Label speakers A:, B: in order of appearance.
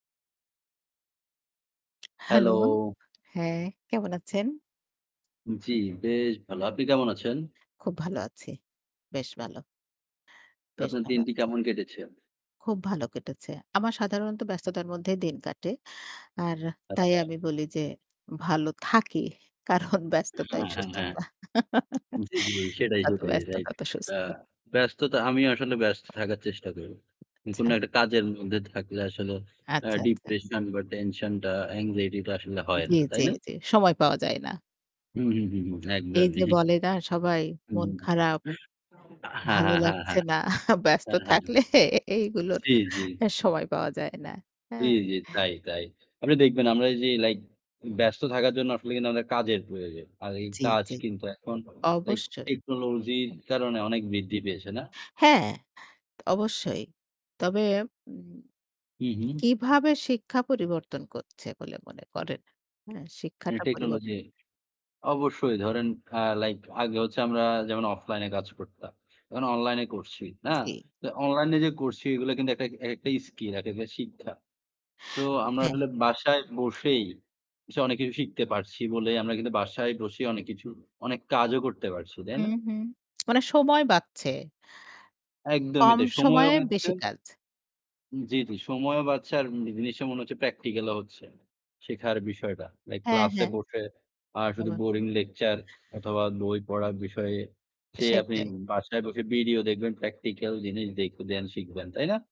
A: Hello.
B: Hello? হ্যাঁ কেমন আছেন?
A: জী, বেশ ভালো। আপনি কেমন আছেন?
B: খুব ভালো আছি। বেশ ভালো। বেশ
A: আপনার
B: ভালো
A: দিনটি
B: আছি।
A: কেমন কেটেছে?
B: খুব ভালো কেটেছে। আমার সাধারণত ব্যস্ততার মধ্যেই দিন কাটে। আর তাই
A: আচ্ছা।
B: আমি বলি যে ভালো থাকি কারণ ব্যস্ততাই
A: হ্যাঁ, হ্যাঁ, হ্যাঁ।
B: সুস্থতা।
A: জী, জী। সেটাই,
B: যত
A: সেটাই
B: ব্যস্ত
A: রাইট।
B: তত
A: আ
B: সুস্থ।
A: ব্যস্ততা আমি আসলে ব্যস্ত থাকার চেষ্টা করি। কোনো
B: আচ্ছা।
A: একটা কাজের মধ্যে থাকলে আসলে আ
B: আচ্ছা, আচ্ছা।
A: ডিপ্রেশন বা টেনশন টা এনক্সাইটি টা আসলে হয়
B: জী,
A: না। তাই
B: জী,
A: না?
B: জী, সময় পাওয়া যায় না।
A: হু, হু, হু, হু।
B: এই
A: একদমই।
B: যে বলে না সবাই, মন খারাপ
A: হ্যাঁ,
B: ভালো
A: হ্যাঁ, হ্যাঁ,
B: লাগছে
A: হ্যাঁ।
B: না। ব্যস্ত
A: হ্যাঁ, হ্যাঁ।
B: থাকলে এইগুলোর
A: জী, জী।
B: সময় পাওয়া যায় না।
A: জী,
B: হ্যাঁ?
A: জী। তাই, তাই। আপনি দেখবেন আমরা যে লাইক ব্যস্ত থাকার জন্য আসলে কিন্তু আমাদের কাজের প্রয়োজন। আর এই
B: জী,
A: কাজ
B: জী।
A: কিন্তু এখন লাইক
B: অবশ্যই।
A: টেকনোলজির
B: হু।
A: কারণে অনেক বৃদ্ধি পেয়েছে না?
B: হ্যাঁ, অবশ্যই। তবে উম
A: হু, হু।
B: কিভাবে শিক্ষা পরিবর্তন করছে বলে মনে করেন? হ্যাঁ,
A: এই
B: শিক্ষাটা
A: টেকনোলজি।
B: পরিবর্তন
A: অবশ্যই ধরেন আ লাইক আগে হচ্ছে আমরা যেমন অফলাইন এ কাজ করতাম। এখন অনলাইন এ করছি না?
B: জী।
A: অনলাইন এ যে করছি এগুলো কিন্তু একটা একেকটাই স্কিল, একেকটা শিক্ষা। সো আমরা
B: হ্যাঁ।
A: আসলে বাসায় বসেই এসব অনেক কিছু শিখতে পারছি বলেই আমরা কিন্তু বাসায় বসেই অনেক কিছু অনেক কাজও করতে পারছি। তাই
B: হু,
A: না?
B: হু। মানে সময় বাঁচছে।
A: একদমই
B: কম
A: তাই। সময়ও
B: সময়ে
A: বাঁচছে
B: বেশি কাজ।
A: জী, জী। সময়ও বাঁচছে আর জিনিসটা মনে হচ্ছে প্র্যাকটিক্যাল ও হচ্ছে। শিখার বিষয়টা। লাইক
B: হ্যাঁ,
A: ক্লাসে
B: হ্যাঁ।
A: বসে আর শুধু
B: আবার
A: বোরিং লেকচার অথবা বই পড়ার বিষয়ে সে আপনি
B: সেটাই।
A: বাসায় বসে ভিডিও দেখবেন প্র্যাকটিক্যাল জিনিস দেখবেন শিখবেন। তাই না?